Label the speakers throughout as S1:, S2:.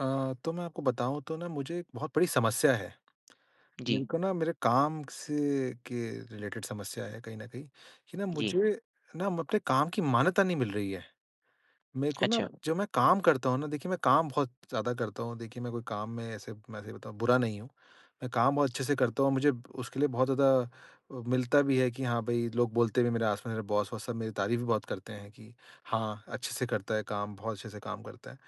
S1: अ, तो मैं आपको बताऊँ तो ना मुझे एक बहुत बड़ी समस्या है। मेरे
S2: जी।
S1: को ना मेरे काम से के रिलेटेड समस्या है कहीं न कहीं कि ना
S2: जी।
S1: मुझे ना अपने काम की मान्यता नहीं मिल रही है। मेरे को ना
S2: अच्छा।
S1: जब मैं काम करता हूँ ना देखिए मैं काम बहुत ज़्यादा करता हूँ। देखिए, मैं कोई काम में ऐसे मैं सही बताऊँ बुरा नहीं हूँ। मैं काम बहुत अच्छे से करता हूँ और मुझे उसके लिए बहुत ज़्यादा अ, मिलता भी है कि हाँ, भई लोग बोलते भी हैं मेरे आस-पास मेरे बॉस वॉस सब मेरी तारीफ़ भी बहुत करते हैं कि हाँ, अच्छे से करता है काम, बहुत अच्छे से काम करता है।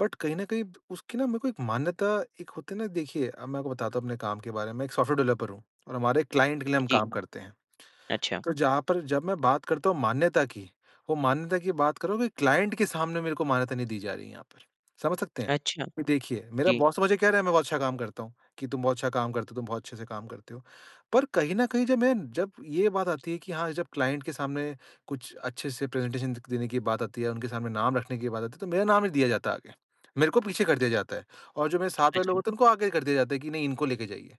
S1: बट कहीं न कहीं उसकी ना मेरे को एक मान्यता एक होती है ना देखिए, अब मैं आपको बताता हूँ अपने काम के बारे में। मैं एक सॉफ्टवेयर डेवलपर हूँ और हमारे क्लाइंट के लिए हम
S2: जी।
S1: काम करते हैं।
S2: अच्छा।
S1: तो जहाँ पर जब मैं बात करता हूँ मान्यता की वो मान्यता की बात कर रहा हूँ कि क्लाइंट के सामने मेरे को मान्यता नहीं दी जा रही है यहाँ पर। समझ सकते हैं?
S2: अच्छा,
S1: देखिए मेरा
S2: जी।
S1: बॉस तो मुझे कह रहा है कि मैं बहुत अच्छा काम करता हूँ कि, "तुम बहुत अच्छा काम करते हो, तुम बहुत अच्छे से काम करते हो।" पर कहीं न कहीं जब मैं जब ये बात आती है कि हाँ, जब क्लाइंट के सामने कुछ अच्छे से प्रेजेंटेशन दे क देने की बात आती है या उनके सामने नाम रखने की बात आती है तो मेरा नाम नहीं दिया जाता है आगे। मेरे को पीछे कर दिया जाता है और जो मेरे साथ वाले लोग
S2: अच्छा।
S1: होते हैं उनको आगे कर दिया जाता है कि नहीं इनको लेके जाइए।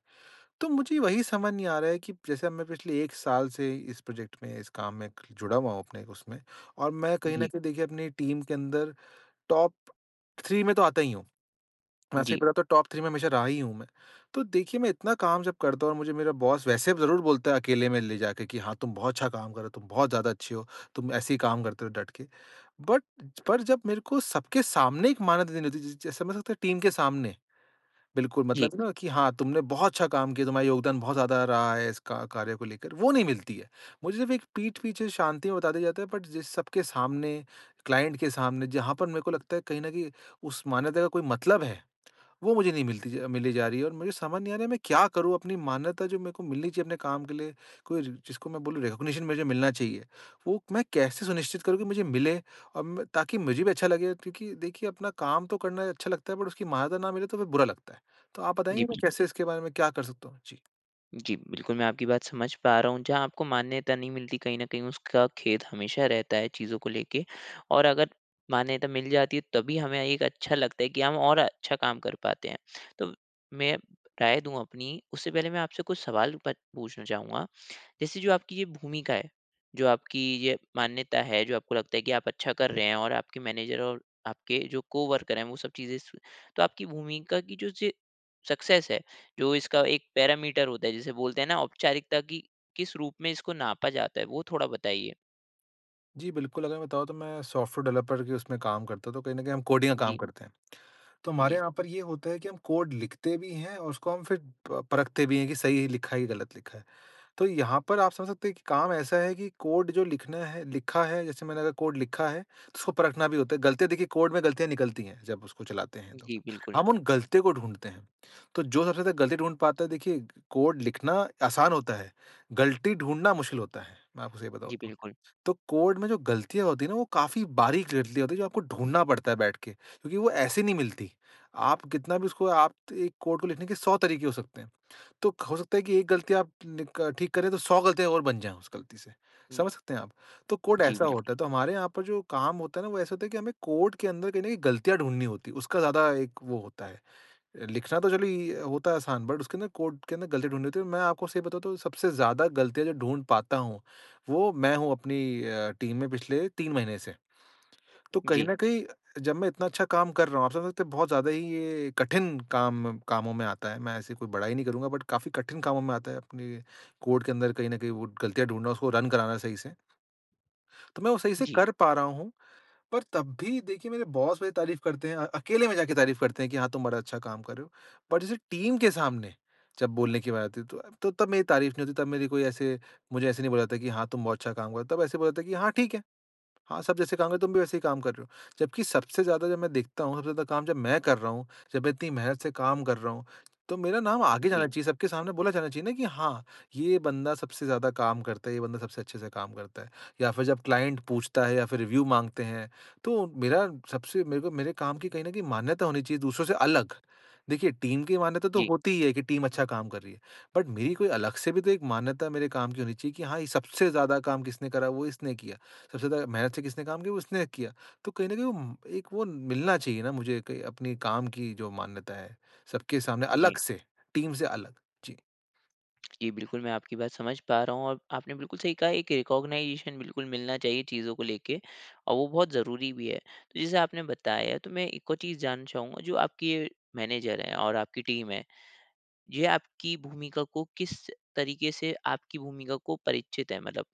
S1: तो मुझे वही समझ नहीं आ रहा है कि ब जैसे अब मैं पिछले 1 साल से इस प्रोजेक्ट में, इस काम में जुड़ा हुआ हूँ अपने उसमें और मैं कहीं न
S2: जी।
S1: कहीं देखिए अपनी टीम के अंदर टॉप 3 में तो आता ही हूँ। वैसे ही
S2: जी।
S1: पता तो टॉप 3 में हमेशा रहा ही हूँ मैं। तो देखिए मैं इतना काम जब करता हूँ और मुझे मेरा बॉस वैसे ज़रूर बोलता है अकेले में ले जा के कि, "हाँ तुम बहुत अच्छा काम कर रहे हो, तुम बहुत ज़्यादा अच्छे हो, तुम ऐसे ही काम करते रहो डट के।" बट पर जब मेरे को सबके सामने एक मान्यता देनी होती है ज जैसे मतलब एक टीम के सामने। बिल्कुल
S2: जी।
S1: मतलब है ना कि हाँ, तुमने बहुत अच्छा काम किया तुम्हारा योगदान बहुत ज़्यादा रहा है इस का कार्य को लेकर वो नहीं मिलती है। मुझे सिर्फ एक पीठ पीछे शांति में बता दिया जाता है बट जिस सबके सामने, क्लाइंट के सामने जहाँ पर मेरे को लगता है कहीं न कहीं उस मान्यता का कोई मतलब है। वो मुझे नहीं मिलती मिली जा रही है और मुझे समझ नहीं आ रहा है मैं क्या करूँ अपनी मान्यता जो मेरे को मिलनी चाहिए अपने काम के लिए? कोई ज जिसको मैं बोलूँ रिकॉग्निशन मुझे मिलना चाहिए वो मैं कैसे सुनिश्चित करूँ कि मुझे मिले? अम, ताकि मुझे भी अच्छा लगेगा क्योंकि देखिए अपना काम तो करना अच्छा लगता है बट उसकी मान्यता ना मिले तो फ़िर बुरा लगता है। तो आप बताएँगे
S2: जी,
S1: कि मैं
S2: बिल्कुल।
S1: कैसे इसके बारे में क्या कर सकता हूँ? जी।
S2: जी, बिल्कुल। मैं आपकी बात समझ पा रहा हुँ। जहाँ आपको मान्यता नहीं मिलती कहीं न कहीं उसका खेद हमेशा रहता है चीजों को लेके। और अगर मान्यता मिल जाती तभी हमें एक अच्छा लगता है कि हम और अच्छा काम कर पाते हैं। तो मैं राय दूँ अपनी उससे पहले मैं आपसे कुछ सवाल प पूछना चाहूँगा। जैसे जो आपकी ये भूमिका है, जो आपकी ये मान्यता है, जो आपको लगता है कि आप अच्छा कर रहे हैं और आपके मैनेजर और आपके जो को-वर्कर हैं वो सब चीज़े स तो आपकी भूमिका की जो ज सक्सेस है, जो इसका एक पैरामीटर होता है, जिसे बोलते हैं ना औपचारिकता की किस रूप में इसको नापा जाता है? वो थोड़ा बताइए।
S1: जी, बिल्कुल। अगर मैं बताऊँ तो मैं सॉफ्टवेयर डेवलपर के उसमें काम करता तो कहीं न कहीं हम कोडिंग का काम
S2: जी।
S1: करते हैं। तो हमारे
S2: जी।
S1: यहाँ पर ये होता है कि हम कोड लिखते भी हैं और उसको हम फ़िर प परखते भी हैं कि सही लिखा या गलत लिखा। तो यहाँ पर आप समझ सकते हैं कि काम ऐसा है कि कोड जो लिखना है लिखा है जैसे मैंने अगर कोड लिखा है उसको परखना भी होता है। गलतियाँ देखिए कोड में गलतियाँ निकलती हैं जब उसको चलाते हैं तो।
S2: जी, बिल्कुल।
S1: हम उन गलतियों को ढूँढ़ते हैं। तो जो सबसे ज़्यादा गलती ढूँढ़ पाता देखिए कोड लिखना आसान होता है, गलती ढूँढ़ना मुश्किल होता है। मैं आपको सही बताऊँ
S2: जी,
S1: तो।
S2: बिल्कुल।
S1: तो कोड में जो गलतियाँ होती हैं ना वो काफ़ी बारीक गलतियाँ होती हैं जो आपको ढूँढ़ना पड़ता बैठ के क्योंकि वो ऐसे नहीं मिलती। आप कितना भी उसको आप 1 कोड को लिखने के 100 तरीके हो सकते हैं। तो हो सकता है कि एक गलती आप नी क ठीक करे तो 100 गलतियाँ और बन जाएँ उस गलती से।
S2: हुँ।
S1: समझ सकते हैं आप? तो कोड
S2: जी,
S1: ऐसा
S2: बिल्कुल।
S1: होता। तो हमारे यहाँ पर जो काम होता ना वो ऐसा होता है कि हमें कोड के अंदर कहीं न कहीं गलतियाँ ढूँढ़नी होती उसका ज़्यादा एक वो होता है। लिखना तो चलो इ होता आसान बट उसके अंदर कोड के अंदर गलती ढूँढ़नी होती। मैं आपको सही बताता हूँ सबसे ज़्यादा गलतियाँ जो ढूँढ़ पाता हूँ वो मैं हूँ अपनी अ, टीम में पिछले 3 महीने से। तो कहीं
S2: जी।
S1: न कहीं जब मैं इतना अच्छा काम कर रहा हूँ आप समझ सकते बहुत ज़्यादा ही ये कठिन काम कामों में आता है। मैं ऐसे कोई बढ़ाई नहीं करूँगा बट काफ़ी कठिन कामों में आता है अपने कोड के अंदर कहीं न कहीं वो गलतियाँ ढूँढ़ना, उसको रन कराना सही से। तो मैं वो सही से
S2: जी।
S1: कर पा रहा हूँ। पर तब भी देखिए मेरे बॉस मेरी तारीफ करते हैं। अ, अकेले में जाके तारीफ करते हैं कि हाँ, तुम बड़ा अच्छा काम कर रहे हो। पर जैसे टीम के सामने जब बोलने की बात आती है तो तब मेरी तारीफ नहीं होती तब मेरी कोई ऐसे मुझे ऐसे नहीं बोला जाता कि हाँ, तुम बहुत अच्छा काम कर रहे हो। तब ऐसे बोला जाता है कि हाँ, ठीक है। हाँ, सब जैसे काम तुम भी वैसे ही काम कर रहे हो। जबकि सबसे ज़्यादा जब मैं देखता हूँ, सबसे ज़्यादा काम जब मैं कर रहा हूँ, जब मैं इतनी मेहनत से काम कर रहा हूँ तो मेरा नाम आगे
S2: जी।
S1: जाना चाहिए। सबके सामने बोला जाना चाहिए ना कि हाँ, ये बंदा सबसे ज़्यादा काम करता ये बंदा सबसे अच्छे से काम करता है। या फ़िर जब क्लाइंट पूछता है या फ़िर रिव्यू माँगते हैं तो मेरा सबसे मेरे को मेरे काम की कहीं न कहीं मान्यता होनी चाहिए दूसरों से अलग। देखिए टीम की मान्यता तो
S2: जी।
S1: होती ही है की टीम अच्छा काम कर रही है। बट मेरी कोई अलग से भी तो एक मान्यता मेरे काम की होनी चाहिए कि हाँ, ये सबसे ज़्यादा काम किसने करा, वो इसने किया। सबसे ज़्यादा मेहनत से किसने काम किया, वो इसने किया। तो कहीं न कहीं अम, एक वो मिलना चाहिए ना मुझे क अपने काम की जो मान्यता है, सबके सामने
S2: जी।
S1: अलग से। टीम से अलग। जी।
S2: जी बिल्कुल मैं आपकी बात समझ पा रहा हूँ और आपने बिल्कुल सही कहा, एक रिकॉग्नाइजेशन बिल्कुल मिलना चाहिए, चीज़ को लेके और वो बहुत ज़रूरी भी है। तो जैसे आपने बताया, तो मैं एक और चीज़ जानना चाहूँगा जो आपकी मैनेजर है और आपकी टीम है, ये आपकी भूमिका को किस तरीके से आपकी भूमिका को परिचित है? मतलब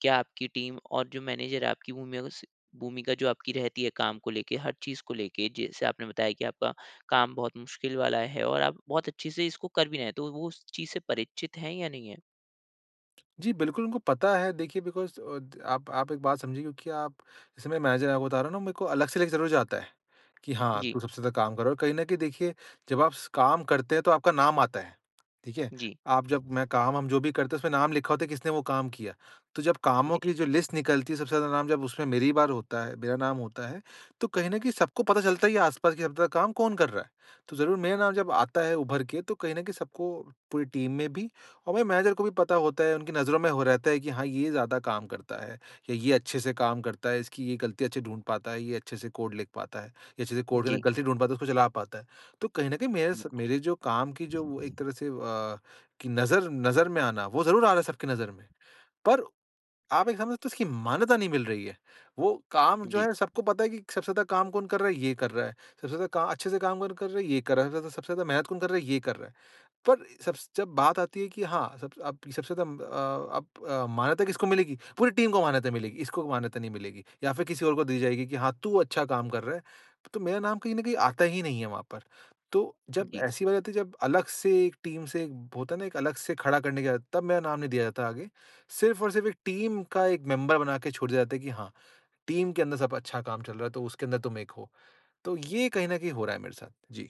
S2: क्या आपकी टीम और जो मैनेजर है आपकी भूमिका को स भूमिका जो आपकी रहती है काम को लेके हर चीज़ को लेके जैसे आपने बताया कि आपका काम बहुत मुश्किल वाला है और आप बहुत अच्छे से इसको कर भी रहे हैं, तो वो उस चीज़ से परिचित है या नहीं है?
S1: जी बिल्कुल उनको पता है देखिए बिकॉज़ अ आप आप एक बात समझिए क्योंकि आप जैसे मैं मैनेजर आपको बता रहा हूँ ना मेरे को अलग से लग ज़रूर जाता है कि हाँ
S2: जी।
S1: तू सबसे ज़्यादा काम करो कहीं न कहीं देखिए जब आप स काम करते हैं तो आपका नाम आता है। ठीक है?
S2: जी।
S1: आप जब मैं काम हम जो भी करते हैं उसमें नाम लिखा होता है किसने वो काम किया। तो जब कामों
S2: जी।
S1: की जो लिस्ट निकलती है सबसे ज़्यादा नाम जब उसमें मेरी बार होता है मेरा नाम होता है तो कहीं न कहीं सबको पता चलता है ये आस-पास के सब काम कौन कर रहा है, तो ज़रूर मेरा नाम जब आता है उभर के तो कहीं न कहीं सबको पूरी टीम में भी और मेरे मैनेजर को भी पता होता है उनकी नज़रों में हो रहता है कि हाँ ये ज़्यादा काम करता है या ये अच्छे से काम करता है, इसकी ये गलती अच्छे से ढूँढ़ पाता है, ये अच्छे से कोड लिख पाता है। ये अच्छे से कोड के
S2: जी।
S1: गलती ढूँढ़ पाता है उसको चला पाता है। तो कहीं न कहीं मेरे स
S2: बिल्कुल।
S1: मेरे जो काम की जो एक तरह से अ, कि नज़र नज़र में आना वो ज़रूर आ रहा है सबकी नज़र में। पर, आप ये समझते हो इसकी मान्यता नहीं मिल रही है। वो काम जो
S2: जी।
S1: है सबको पता है कि सबसे ज़्यादा काम कौन कर रहा है ये कर रहा है। सबसे ज़्यादा का अच्छे से काम कौन कर रहा है ये कर रहा है। सबसे ज़्यादा सबसे ज़्यादा मेहनत कौन कर रहा है ये कर रहा है। पर सब स जब बात आती है कि हाँ सब स आप सबसे ज़्यादा अ आप अ, मान्यता किसको मिलेगी पूरी टीम को मान्यता मिलेगी, इसको मान्यता नहीं मिलेगी या फ़िर किसी और को दी जाएगी कि हाँ, तू अच्छा काम कर रहा है। तो मेरा नाम कहीं न कहीं आता ही नहीं है वहाँ पर। तो जब
S2: जी।
S1: ऐसी बात आती है जब अलग से एक टीम से होता है ना एक अलग से खड़ा करने की बात तब मेरा नाम नहीं दिया जाता आगे, सिर्फ़ और सिर्फ़ 1 टीम का 1 मेंबर बना के छोड़ दिया जाता है कि हाँ टीम के अंदर सब अच्छा काम चल रहा है तो उसके अंदर तुम 1 हो। तो ये कहीं न कहीं हो रहा है मेरे साथ। जी।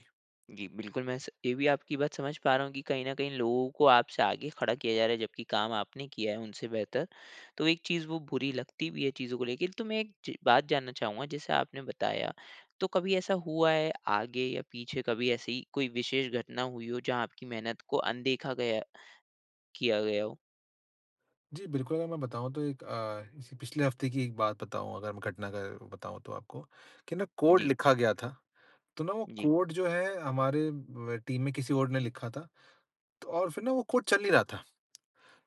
S2: जी बिल्कुल मैं स ये भी आपकी बात समझ पा रहा हूँ कि कहीं न कहीं लोगों को आपसे आगे खड़ा किया जा रहा है जबकि काम आपने किया है उनसे बेहतर। तो एक चीज़, वो बुरी लगती भी है चीज़ों को लेके तो मैं एक च बात जानना चाहूँगा जैसे आपने बताया तो कभी ऐसा हुआ है आगे या पीछे कभी ऐसी कोई विशेष घटना हुई हो जहाँ आपकी मेहनत को अनदेखा गया किया गया हो?
S1: जी, बिल्कुल अगर मैं बताऊँ तो एक अ, जैसे पिछले हफ़्ते की एक बात बताऊँ अगर मैं घटना का बताऊँ तो आपको कि ना कोड
S2: जी।
S1: लिखा गया था, तो ना वो
S2: जी।
S1: कोड जो है हमारे म टीम में किसी और ने लिखा था। तो और फ़िर ना वो कोड चल नहीं रहा था।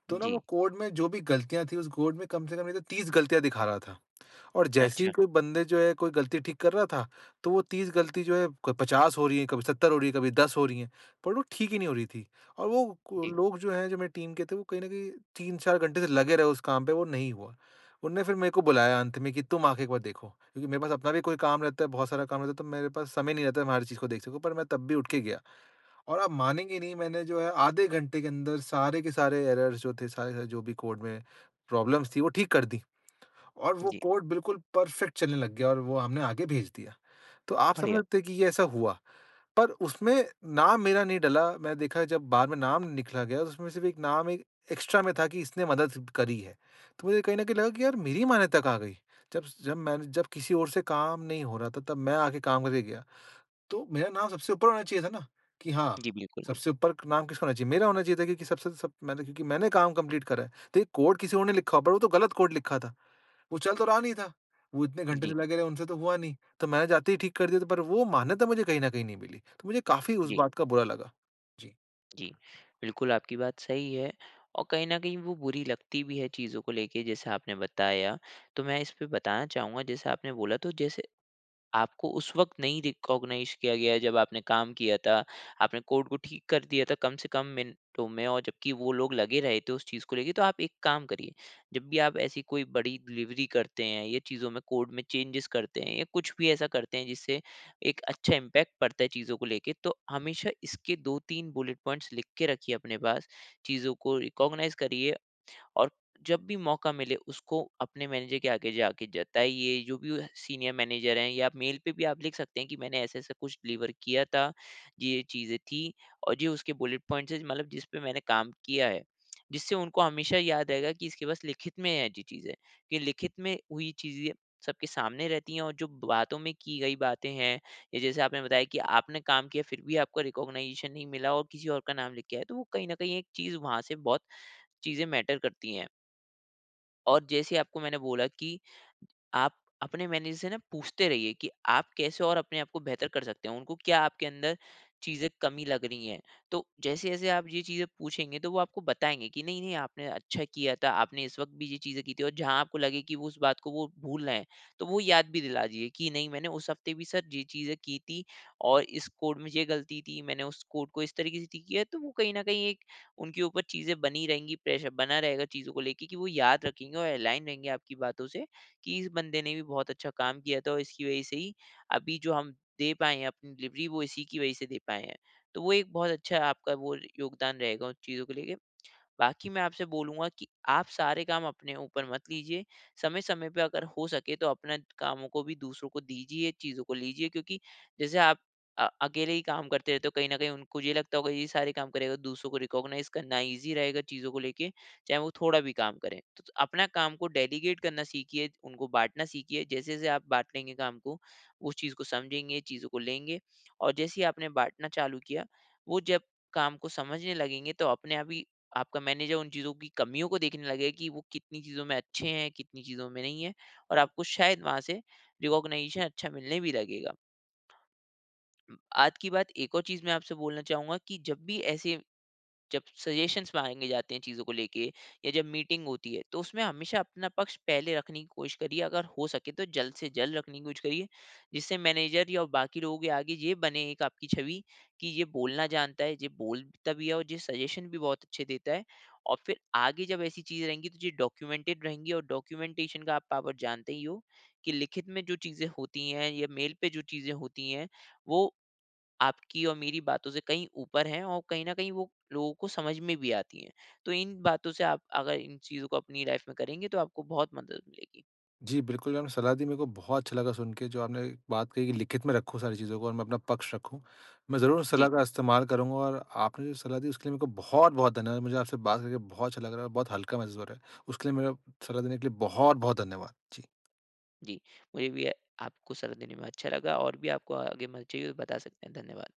S1: तो ना वो
S2: जी।
S1: कोड में जो भी गलतियाँ थीं उस कोड में कम से कम नहीं तो 30 गलतियाँ दिखा रहा था। और जैसे ही
S2: अच्छा।
S1: कोई बंदे जो है कोई गलती ठीक कर रहा था तो वो 30 गलती जो है क 50 हो रही है, कभी 70 हो रही है, कभी 10 हो रही है, पर वो ठीक ही नहीं हो रही थीं। और वो को
S2: जी।
S1: लोग जो हैं जो मेरी टीम के थे वो कहीं न कहीं 3-4 घंटे से लगे रहे उस काम पे वो नहीं हुआ। उन्होंने फ़िर मेरे को बुलाया अंत में कि तुम आ के एक बार देखो। क्योंकि मेरे पास अपना भी कोई काम रहता है, बहुत सारा काम रहता है तो मेरे पास समय नहीं रहता मैं हर चीज़ को देख सकूँ पर मैं तब भी उठ के गया। और आप मानेंगे नहीं मैंने जो है आधे घंटे के अंदर सारे के सारे एरर्स जो थे सारे जो भी कोड में प्रॉब्लम्स थीं वो ठीक कर दी। और वो
S2: जी।
S1: कोड बिल्कुल परफेक्ट चलने लग गया और वो हमने आगे भेज दिया। तो आप समझ
S2: बढ़िया।
S1: सकते हैं कि ये ऐसा हुआ। पर उसमें नाम मेरा नहीं डाला मैंने देखा जब बाद में नाम निकला गया तो उसमें सिर्फ़ एक नाम एक एक्स्ट्रा में था कि इसने मदद करी है। तो मुझे कहीं न कहीं लगा कि यार मेरी मान्यता कहाँ गई। जब-जब मैंने जब किसी और से काम नहीं हो रहा था तब मैं आके काम करके गया। तो मेरा नाम सबसे ऊपर होना चाहिए था ना कि हाँ,
S2: जी, बिल्कुल।
S1: सबसे ऊपर नाम किसका होना चाहिए? मेरा होना चाहिए था क्योंकि सबसे सब मैंने क्योंकि मैंने काम कंप्लीट करा है। तो ये कोड किसी और ने लिखा होगा पर वो तो गलत कोड लिखा था। वो चल तो रहा नहीं था, वो इतने घंटे से
S2: जी।
S1: लगे रहे उनसे तो हुआ नहीं, तो मैंने जाते ही ठीक कर दिया था पर वो मान्यता मुझे कहीं न कहीं नहीं मिली। तो मुझे काफ़ी उस
S2: जी।
S1: बात का बुरा लगा। जी।
S2: जी। बिल्कुल, आपकी बात सही है, और कहीं न कहीं वो बुरी लगती भी है चीज़ों को लेके, जैसा आपने बताया। तो मैं इस पे बताना चाहूँगा, जैसे आपने बोला तो जैसे, आपको उस वक़्त नहीं रिकॉग्नाइज किया गया जब आपने काम किया था, आपने कोड को ठीक कर दिया था कम से कम मिनटों में, और जबकि वो लोग लगे रहे थे उस चीज़ को लेके। तो आप एक काम करिए, जब भी आप ऐसी कोई बड़ी डिलिवरी करते हैं या चीज़ों में, कोड में चेंजेज़ करते हैं, या कुछ भी ऐसा करते हैं जिससे एक अच्छा इम्पैक्ट पड़ता है चीज़ों को लेके, तो हमेशा इसके 2-3 बुलेट पॉइंट्स लिख के रखिए अपने पास। चीज़ों को रिकॉग्नाइज करिए, और जब भी मौका मिले, उसको अपने मैनेजर के आगे जाके जताइए, जो भी वह सीनियर मैनेजर हैं, या आप मेल पे भी आप लिख सकते है कि मैंने ऐसा-ऐसा कुछ डिलीवर किया था, ये-ये चीज़े थीं, और ये उसके बुलेट पॉइंट्स हैं, मतलब जिसपे मैंने काम किया है। जिससे उनको हमेशा याद रहेगा कि इसके पास लिखित में है ऐसी चीज़े, कि लिखित में हुई चीज़े सबके सामने रहती हैं और जो बातों में की गई बातें हैं, या जैसे आपने बताया कि आपने काम किया, फिर भी आपको रिकॉग्नाइजेशन नहीं मिला और किसी और का नाम लिख के आया। तो वो कही न कही एक चीज़ वहाँ से बहुत चीज़ें मैटर करती हैं। और जैसे आपको मैंने बोला कि आप अपने मैनेजर से ना पूछते रहिए कि आप कैसे और अपने आप को बेहतर कर सकते हो, उनको क्या आपके अंदर चीज़ें कमी लग रही हैं। तो जैसे-जैसे आप ये चीज़ें पूछेंगे तो वो आपको बताएँगे कि नहीं, नहीं आपने अच्छा किया था आपने इस वक़्त भी ये चीज़ें की थी और जहाँ आपको लगे कि वो उस बात को वो भूल रहे हैं तो वो याद भी दिला दीजिए कि नहीं मैंने उस हफ्ते भी सर ये चीज़ें की थी और इस कोड में ये गलती थी मैंने उस कोड को इस तरीके से ठीक किया। तो वो कहीं न कहीं एक उनके ऊपर चीज़ें बनी रहेंगी प्रेशर बना रहेगा चीज़ों को लेके कि वो याद रखेंगे और अलाइन रहेंगे आपकी बातों से कि इस बंदे ने भी बहुत अच्छा काम किया था और इसकी वजह से ही अभी जो हम दे पाए हैं अपनी डिलिवरी वो इसी की वजह से दे पाए हैं। तो वो एक बहुत अच्छा आपका वो योगदान रहेगा उन चीज़ों को लेके। बाकी मैं आपसे बोलूँगा कि आप सारे काम अपने ऊपर मत लीजिए, समय-समय पे अगर हो सके तो अपने कामों को भी दूसरों को दीजिए चीज़ों को लीजिए क्योंकि जैसे आप अ अकेले ही काम करते रहते हो कहीं न कहीं उनको ये लगता होगा ये सारे काम करेगा दूसरों को रिकॉग्नाइज़ करना ईज़ी रहेगा चीज़ों को लेके चाहे वो थोड़ा भी काम करे। त त अपना काम को डेलीगेट करना सीखिए उनको बाँटना सीखिए जैसे-जैसे आप बाँट लेंगे काम को उस चीज़ को समझेंगे चीज़ों को लेंगे और जैसे ही आपने बाँटना चालू किया वो जब काम को समझने लगेंगे तो अपने आप ही आपका मैनेजर उन चीज़ों की कमियों को देखने लगेगा कि वो कितनी चीज़ों में अच्छे हैं कितनी चीज़ों में नहीं है और आपको शायद वहाँ से रिकॉग्निशन अच्छा मिलने भी लगेगा। उम, आज की बात एक और चीज़ मैं आपसे बोलना चाहूँगा कि जब भी ऐसे जब सजेशंस माँगे जाते हैं चीज़ों को लेके या जब मीटिंग होती है तो उसमें हमेशा अपना पक्ष पहले रखने की कोशिश करिए अगर हो सके तो जल्द से जल्द रखने की कोशिश करिए। जिससे मैनेजर या बाकी लोगों के आगे ये बने एक आपकी छवि कि ये बोलना जानता है ये बोलता भी है और ये सजेशन भी बहुत अच्छे देता है और फ़िर आगे जब ऐसी चीज़ें रहेंगी तो ये डॉक्यूमेंटेड रहेंगी और डॉक्यूमेंटेशन का आप पावर जानते ही हो, कि लिखित में जो चीज़ें होती हैं या मेल पे जो चीज़ें होती हैं वो आपकी और मेरी बातों से कहीं ऊपर है और कहीं न कहीं वो लोगों को समझ में भी आती है। तो इन बातों से आप अगर इन चीज़ों को अपनी लाइफ में करेंगे तो आपको बहुत मदद मिलेगी।
S1: जी बिल्कुल आपने सलाह दी मेरे को बहुत अच्छा लगा सुन के जो आपने बात कही कि लिखित में रखूँ सारी चीज़ों को और मैं अपना पक्ष रखूँ। मैं ज़रूर इस
S2: जी।
S1: सलाह का इस्तेमाल करूँगा और आपने जो सलाह दी उसके लिए मेरे को बहुत-बहुत धन्यवाद। मुझे आपसे बात करके बहुत अच्छा लग रहा है और बहुत हल्का महसूस हो रहा है। उसके लिए मेरा सलाह देने के लिए बहुत-बहुत धन्यवाद। जी।
S2: जी, मुझे भी अ, आपको सलाह देने में अच्छा लगा और भी आपको आगे मदद चाहिए हो बता सकते हैं, धन्यवाद।